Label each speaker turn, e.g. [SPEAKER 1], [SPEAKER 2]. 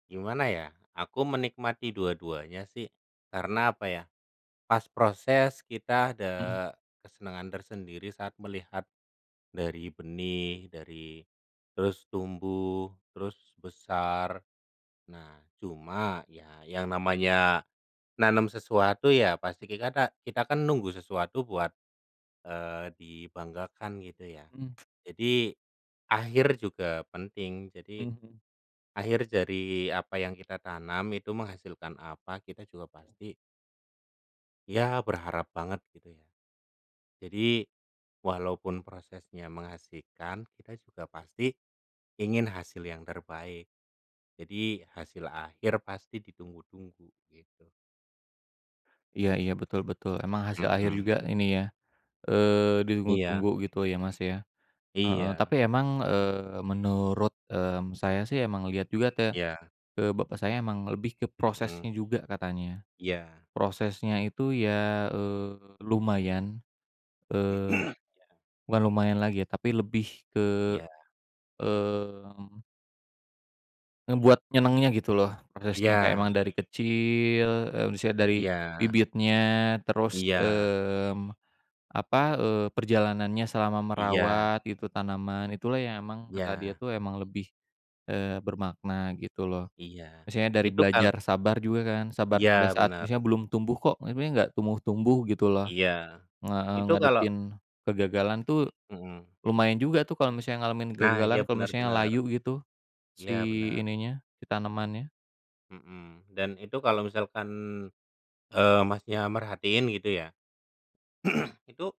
[SPEAKER 1] Gimana ya? Aku menikmati dua-duanya sih. Karena apa ya, pas proses kita ada
[SPEAKER 2] Hmm.
[SPEAKER 1] kesenangan tersendiri saat melihat dari benih, dari terus tumbuh, terus besar. Nah, cuma ya yang namanya nanem sesuatu ya pasti kikata kita kan nunggu sesuatu buat, eee, dibanggakan gitu ya.
[SPEAKER 2] Mmm.
[SPEAKER 1] Jadi akhir juga penting. Jadi
[SPEAKER 2] Hmm hmm.
[SPEAKER 1] akhir dari apa yang kita tanam itu menghasilkan apa kita juga pasti ya berharap banget gitu ya. Jadi walaupun prosesnya mengasyikkan, kita juga pasti ingin hasil yang terbaik. Jadi hasil akhir pasti ditunggu-tunggu gitu.
[SPEAKER 2] Iya iya, betul betul. Emang hasil akhir
[SPEAKER 1] Mmm.
[SPEAKER 2] juga ini ya, eee,
[SPEAKER 1] Iya.
[SPEAKER 2] ditunggu-tunggu gitu ya, Mas, ya. Heeh,
[SPEAKER 1] Iya.
[SPEAKER 2] tapi emang, eee, menurut, mmm, saya sih emang lihat juga te
[SPEAKER 1] Iya.
[SPEAKER 2] eee, bapak saya emang lebih ke
[SPEAKER 1] Hmm.
[SPEAKER 2] prosesnya juga katanya.
[SPEAKER 1] Iya.
[SPEAKER 2] Prosesnya itu ya, eee, lumayan, eee,
[SPEAKER 1] Iya.
[SPEAKER 2] bukan lumayan lagi ya tapi lebih ke,
[SPEAKER 1] Iya.
[SPEAKER 2] mmm ngebuat nyenengnya gitu loh, prosesnya kayak
[SPEAKER 1] Iya.
[SPEAKER 2] emang dari kecil, eee, maksudnya dari
[SPEAKER 1] Iya.
[SPEAKER 2] bibitnya, terus,
[SPEAKER 1] Iya.
[SPEAKER 2] mmm, apa, eee, perjalanannya selama
[SPEAKER 1] Iya.
[SPEAKER 2] merawat itu tanaman, itulah yang emang kata dia
[SPEAKER 1] Iya.
[SPEAKER 2] itu emang lebih, eee, bermakna, gitu loh.
[SPEAKER 1] Iya.
[SPEAKER 2] Misalnya dari
[SPEAKER 1] Itu kal
[SPEAKER 2] belajar sabar juga kan, sabar pada
[SPEAKER 1] Iya
[SPEAKER 2] saat
[SPEAKER 1] bener.
[SPEAKER 2] misalnya belum tumbuh kok, tapi ini nggak tumbuh-tumbuh gitu loh,
[SPEAKER 1] Iya,
[SPEAKER 2] heeh.
[SPEAKER 1] itu kalau
[SPEAKER 2] Ngadepin kegagalan tuh
[SPEAKER 1] Hmm.
[SPEAKER 2] lumayan juga tuh kalau misalnya ngalamin
[SPEAKER 1] Nah, iya
[SPEAKER 2] kegagalan, kalau
[SPEAKER 1] bener
[SPEAKER 2] misalnya
[SPEAKER 1] bener.
[SPEAKER 2] layu gitu, si
[SPEAKER 1] Iya bener.
[SPEAKER 2] ininya, si tanemannya.
[SPEAKER 1] Hmm. Dan itu kalau misalkan, eee, Masnya merhatiin gitu ya. Itu